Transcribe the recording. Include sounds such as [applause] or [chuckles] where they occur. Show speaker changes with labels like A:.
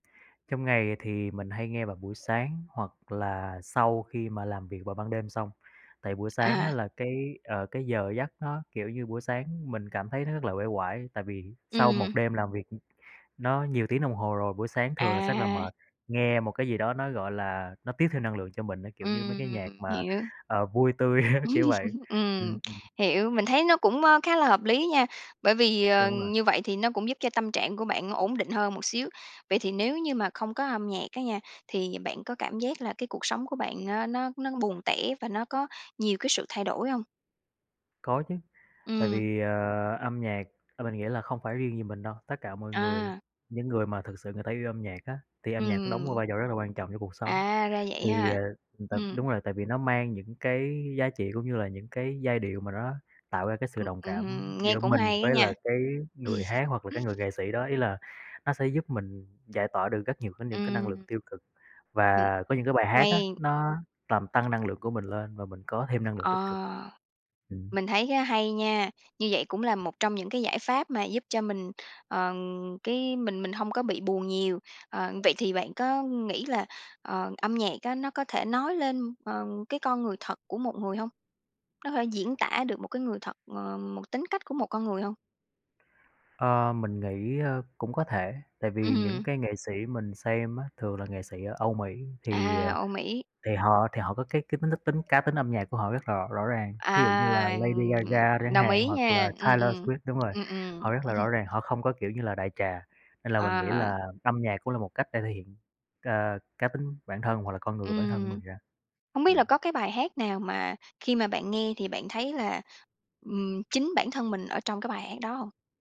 A: Trong ngày thì mình hay nghe vào buổi sáng hoặc là sau khi mà làm việc vào ban đêm xong. Tại buổi sáng á,
B: À.
A: là cái, ờ, cái giờ giấc nó, kiểu như, buổi sáng mình cảm thấy nó rất là uể oải, tại vì sau một
B: Ừm.
A: đêm làm việc, ừm, nó nhiều tiếng đồng hồ rồi, buổi sáng thường là sẽ là
B: À.
A: mệt, nghe một cái gì đó nó, gọi là, nó tiếp thêm năng lượng cho mình á, kiểu như mấy cái nhạc
B: Ừm,
A: mà,
B: hiểu.
A: ờ, vui tươi á, kiểu vậy,
B: [laughs] Ừm,
A: ừm, ừm.
B: hiểu. Mình thấy nó cũng, ơ, khá là hợp lý nha, bởi vì, ờ,
A: Đúng rồi.
B: như vậy thì nó cũng giúp cho tâm trạng của bạn ổn định hơn một xíu. Vậy thì nếu như mà không có âm nhạc á nha, thì bạn có cảm giác là cái cuộc sống của bạn á, nó nó buồn tẻ và nó có nhiều cái sự thay đổi hông?
A: Có chứ. Tại
B: Ừm.
A: vì, ờ, âm nhạc, ờ, mình nghĩ là không phải riêng gì mình đâu, tất cả mọi người,
B: À.
A: những người mà thực sự người ta yêu âm nhạc á, thì âm nhạc nó đóng một
B: Ừm.
A: vai trò rất là quan trọng trong cuộc sống.
B: À, ra vậy
A: Thì,
B: ha.
A: à, t
B: Ừm.
A: đúng rồi, tại vì nó mang những cái giá trị cũng như là những cái giai điệu mà nó nó tạo ra cái sự
B: Ừm,
A: đồng
B: ừm,
A: cảm
B: hừm, nghe
A: giữa
B: cũng
A: mình
B: hay á
A: với
B: nha.
A: là cái người
B: [chuckles]
A: hát hoặc là cái người nghệ sĩ đó. Ý là nó sẽ giúp mình giải tỏa được rất nhiều cái những cái năng lượng
B: Ừm.
A: tiêu cực
B: Ừm,
A: và có những cái bài hát á,
B: hay.
A: nó làm tăng năng lượng của mình lên và mình có thêm năng lượng tích cực.
B: Ờ,
A: Ừm.
B: mình thấy á hay nha, như vậy cũng là một trong những cái giải pháp mà giúp cho mình, ờ, cái mình mình hông có bị buồn nhiều. Ờ, vậy thì bạn có nghĩ là, ờ, âm nhạc á, nó có thể nói lên, ờ, cái con người thật của một người hông? Nó thể diễn tả được một cái người thật, ờ một tính cách của một con người hông?
A: Ờ, mình nghĩ, ơ, cũng có thể, tại vì những
B: Ừm.
A: cái nghệ sĩ mình xem á, thường là nghệ sĩ ở Âu Mỹ, thì,
B: À,
A: ờ,
B: Âu Mỹ.
A: thì họ thì họ có cái cái tính cái tính cá tính âm nhạc của họ rất là rõ rõ ràng.
B: À,
A: Thí dụ như là Lady
B: ừm,
A: Gaga chẳng
B: đồng
A: hạn
B: ý
A: hoặc là
B: nha. Ừm,
A: Taylor
B: ừm.
A: Swift đúng rồi,
B: Ừm, ừm.
A: họ rất là rõ
B: [chuckles]
A: ràng, họ không có kiểu như là đại trà. Nên là mình nghĩ
B: À.
A: là âm nhạc cũng là một cách để thể hiện, ờ, cá tính bản thân hoặc là con người của bản thân của
B: Ừm,
A: mình ra,
B: hông biết là có
A: ừm.
B: cái bài hát nào mà, khi mà bạn nghe thì bạn thấy là, ừm, chính bản thân mình ở trong cái bài hát đó hông?